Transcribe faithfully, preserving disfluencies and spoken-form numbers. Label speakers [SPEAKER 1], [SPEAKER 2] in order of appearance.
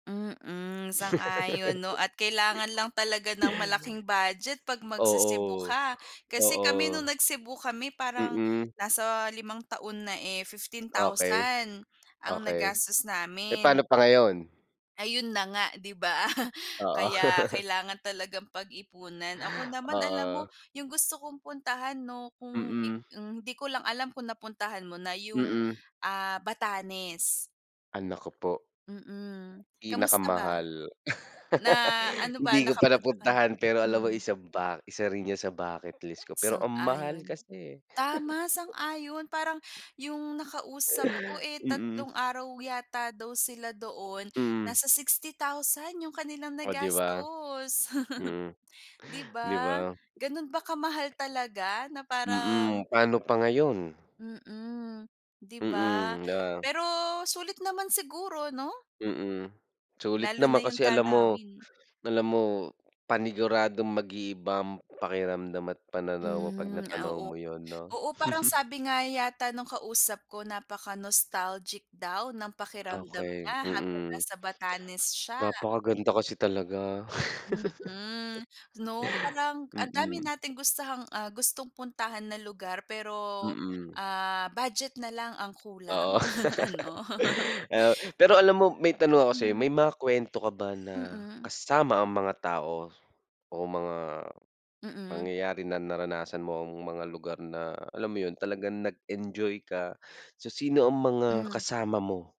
[SPEAKER 1] Mm, sang-ayon 'no at kailangan lang talaga ng malaking budget pag magce-Cebu
[SPEAKER 2] Oo.
[SPEAKER 1] ka, kasi kami nung
[SPEAKER 2] Oo.
[SPEAKER 1] nag-Cebu kami parang
[SPEAKER 2] Mm.
[SPEAKER 1] nasa limang taon na eh fifteen
[SPEAKER 2] Okey,
[SPEAKER 1] thousand ang
[SPEAKER 2] okey.
[SPEAKER 1] nagastos
[SPEAKER 2] Eh,
[SPEAKER 1] namin.
[SPEAKER 2] pa'no pa ngayon?
[SPEAKER 1] Ayun na nga, 'di ba?
[SPEAKER 2] Oo.
[SPEAKER 1] Kaya kailangan talagang pag-ipunan. Ako naman alam mo
[SPEAKER 2] Oo.
[SPEAKER 1] yung gusto kong puntahan 'no kung i
[SPEAKER 2] Mm.
[SPEAKER 1] hmm, hindi ko lang alam kung napuntahan mo na yung,
[SPEAKER 2] Mm.
[SPEAKER 1] ah, Batanes.
[SPEAKER 2] Ah, naku po.
[SPEAKER 1] Mm. Kamusta ba?
[SPEAKER 2] Pinakamahal.
[SPEAKER 1] Na, ano ba
[SPEAKER 2] Hindi ko pa
[SPEAKER 1] nakapunta ka n
[SPEAKER 2] napuntahan pero alam mo
[SPEAKER 1] Mm.
[SPEAKER 2] isa ba isa rin yan sa bucket list ko pero ang mahal
[SPEAKER 1] Sang-ayon.
[SPEAKER 2] kasi, eh.
[SPEAKER 1] Tama, sang-ayon parang yung nakausap ko, eh,
[SPEAKER 2] Mm.
[SPEAKER 1] tatlong araw yata daw sila doon,
[SPEAKER 2] Mm.
[SPEAKER 1] nasa sixty thousand yung kanilang
[SPEAKER 2] Oh 'di ba?
[SPEAKER 1] nagastos.
[SPEAKER 2] Mm.
[SPEAKER 1] 'Di
[SPEAKER 2] 'Di
[SPEAKER 1] ba?
[SPEAKER 2] ba?
[SPEAKER 1] Gano'n ba kamahal talaga na
[SPEAKER 2] Mm,
[SPEAKER 1] parang
[SPEAKER 2] pa'no pa ngayon?
[SPEAKER 1] Mm. 'Di ba?
[SPEAKER 2] Mm, oo.
[SPEAKER 1] Pero sulit naman siguro, 'no?
[SPEAKER 2] Mm. Sulit
[SPEAKER 1] Lalo na
[SPEAKER 2] naman
[SPEAKER 1] yung
[SPEAKER 2] kasi alam mo,
[SPEAKER 1] tanawin.
[SPEAKER 2] alam mo paniguradong mag-iiba ang pakiramdam at pananaw mo pag
[SPEAKER 1] Hmm,
[SPEAKER 2] natanaw
[SPEAKER 1] oo.
[SPEAKER 2] mo yun, 'no?
[SPEAKER 1] Oo parang sabi nga yata nung kausap ko napaka-nostalgic daw ng pakiramdam
[SPEAKER 2] Okey,
[SPEAKER 1] niya habang
[SPEAKER 2] mm.
[SPEAKER 1] nasa Batanes siya.
[SPEAKER 2] Napakaganda kasi talaga.
[SPEAKER 1] Mm, 'no? Parang ang dami
[SPEAKER 2] Mm.
[SPEAKER 1] nating gustahang, ah, gustong puntahan na lugar pero,
[SPEAKER 2] Mm.
[SPEAKER 1] ah, budget na lang ang
[SPEAKER 2] Oo.
[SPEAKER 1] kulang, ano?
[SPEAKER 2] Oo. Pero alam mo may tanong ako sa'yo
[SPEAKER 1] Hmm.
[SPEAKER 2] may mga kuwento ka ba na
[SPEAKER 1] Mm.
[SPEAKER 2] kasama ang mga tao o mga
[SPEAKER 1] Mm.
[SPEAKER 2] pangyayari na naranasan mo ang mga lugar na alam mo yun talagang nag-enjoy ka? So sino ang mga
[SPEAKER 1] Hmm.
[SPEAKER 2] kasama mo?